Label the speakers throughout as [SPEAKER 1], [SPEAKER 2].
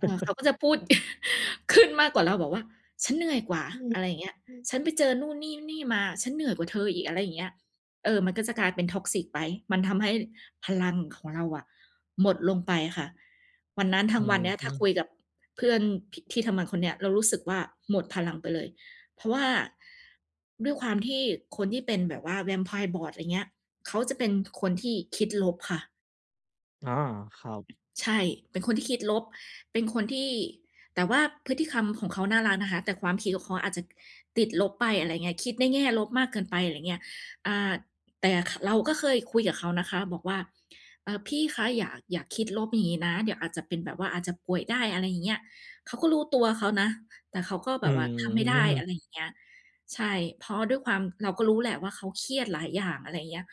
[SPEAKER 1] เออ เขาก็จะพูด ขึ้นมากกว่าเรา บอกว่า "ฉันเหนื่อยกว่า"
[SPEAKER 2] อือ
[SPEAKER 1] อะไรเงี้ย
[SPEAKER 2] อืม
[SPEAKER 1] "ฉันไปเจอนู่นนี่ ๆ มา ฉันเหนื่อยกว่าเธออีก" อะไรเงี้ย เออ มันก็จะกลายเป็น Toxic ไป มันทำให้พลังของเราอะหมดลงไปค่ะ วันนั้นทั
[SPEAKER 2] อื
[SPEAKER 1] ้งวั
[SPEAKER 2] อ
[SPEAKER 1] นเนี้ย ถ
[SPEAKER 2] ฮ
[SPEAKER 1] ้
[SPEAKER 2] ึ
[SPEAKER 1] าคุยกับเพื่อน พิ ที่ทำงานคนเนี้ยเรารู้สึกว่า หมดพลังไปเลย เพราะว่า ด้วยความที่คนที่เป็นแบบว่า Vampire Board ไรเงี้ย เขาจะเป็นคนที่คิดลบค่ะ
[SPEAKER 2] อ๋อ ครับ
[SPEAKER 1] ใช่ เป็นคนที่คิดลบ เป็นคนที่ แต่ว่าพฤติกรรม ของเขาน่ารักนะคะ แต่ความคิดของเขาอาจจะ ติดลบไป อะไรเงี้ย คิดในแง่ลบมากเกินไป ไรเงี้ย อ่า แต่ขะ เราก็เคยคุยกับเขานะคะบอกว่า "เออ พี่คะ อย่า อย่าคิดลบอย่างงี้นะ เดี๋ยวอาจจะเป็นแบบว่าอาจจะป่วยได้" อะไรอย่างเงี้ย เขาก็รู้ตัวเขานะ แต่เขาก็
[SPEAKER 2] อ
[SPEAKER 1] แบ
[SPEAKER 2] ื
[SPEAKER 1] บว่าทำไม่ได้ อ
[SPEAKER 2] ม
[SPEAKER 1] ะไรอย่างเงี้ย ใช่ เพราะด้วยความ เราก็รู้แหละว่า เขาเครียดหลายอย่าง อะไรเงี้ย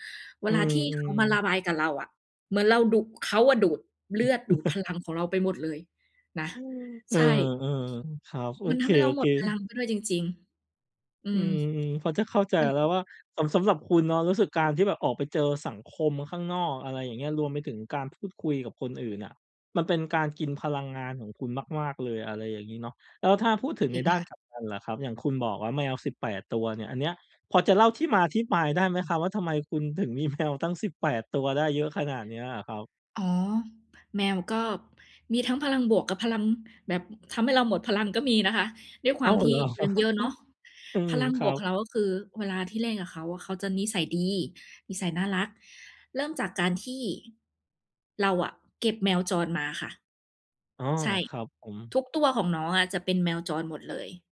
[SPEAKER 1] เว
[SPEAKER 2] อื
[SPEAKER 1] ลาที่เข
[SPEAKER 2] ม
[SPEAKER 1] ามาร
[SPEAKER 2] ๆ
[SPEAKER 1] ะบายกับเราอะ เหมือนเราดุ เขาอะดูดเลือด ดูดพลัง ของเราไปหมดเลยนะ
[SPEAKER 2] เอ
[SPEAKER 1] ใ
[SPEAKER 2] อ
[SPEAKER 1] ช่
[SPEAKER 2] ๆ อือ ครับ โอ
[SPEAKER 1] มัน
[SPEAKER 2] เ
[SPEAKER 1] ท
[SPEAKER 2] ค
[SPEAKER 1] ำให้เราหมดพลั
[SPEAKER 2] ๆ
[SPEAKER 1] งไปด้วยจริง ๆ อื
[SPEAKER 2] อื
[SPEAKER 1] ม
[SPEAKER 2] ม ๆ พอจะเข้าใจ
[SPEAKER 1] มัน
[SPEAKER 2] แล้วว่า สำ สำหรับคุณเนาะรู้สึกการที่แบบออกไปเจอสังคมข้างนอก อะไรอย่างเงี้ย รวมไปถึงการพูดคุยกับคนอื่นอะมันเป็นการกินพลังงานของคุณมาก ๆ เลย อะไรอย่างงี้เนาะ แล้วถ้าพูดถึง
[SPEAKER 1] จร
[SPEAKER 2] ใ
[SPEAKER 1] ิ
[SPEAKER 2] น
[SPEAKER 1] ง
[SPEAKER 2] ด้า
[SPEAKER 1] ค
[SPEAKER 2] น
[SPEAKER 1] ่ะ
[SPEAKER 2] กลับกันล่ะครับ อย่างคุณบอกว่า แมว 18 ตัวเนี่ย อันเนี้ยพอจะเล่าที่มาที่ไปได้ไหมครับ? ว่า ทำไมคุณถึงมี แมว ตั้ง 18 ตัว ได้เยอะขนาดเนี้ยครับ
[SPEAKER 1] อ๋อ แมวก็มีทั้งพลังบวกกับพลัง แบบทำให้เราหมดพลังก็มีนะคะ ด้วยค
[SPEAKER 2] อ
[SPEAKER 1] ว
[SPEAKER 2] ้
[SPEAKER 1] า
[SPEAKER 2] า
[SPEAKER 1] ม
[SPEAKER 2] ว เห
[SPEAKER 1] ที่
[SPEAKER 2] รอ?
[SPEAKER 1] เลี้ยงเยอะเนาะ
[SPEAKER 2] อื
[SPEAKER 1] พ
[SPEAKER 2] ม
[SPEAKER 1] ลัง
[SPEAKER 2] ค
[SPEAKER 1] บ
[SPEAKER 2] รั
[SPEAKER 1] วกขอ
[SPEAKER 2] บ
[SPEAKER 1] งเราก็คือเวลาที่เล่นกับเขาอะเขาจะนิสัยดี นิสัยน่ารัก เริ่มจากการที่เราอะเก็บแมวจรมาค่ะ
[SPEAKER 2] อ๋อ
[SPEAKER 1] ใช่
[SPEAKER 2] ครับผม
[SPEAKER 1] ทุกตัวของน้องอะจะเป็นแมวจรหมดเลย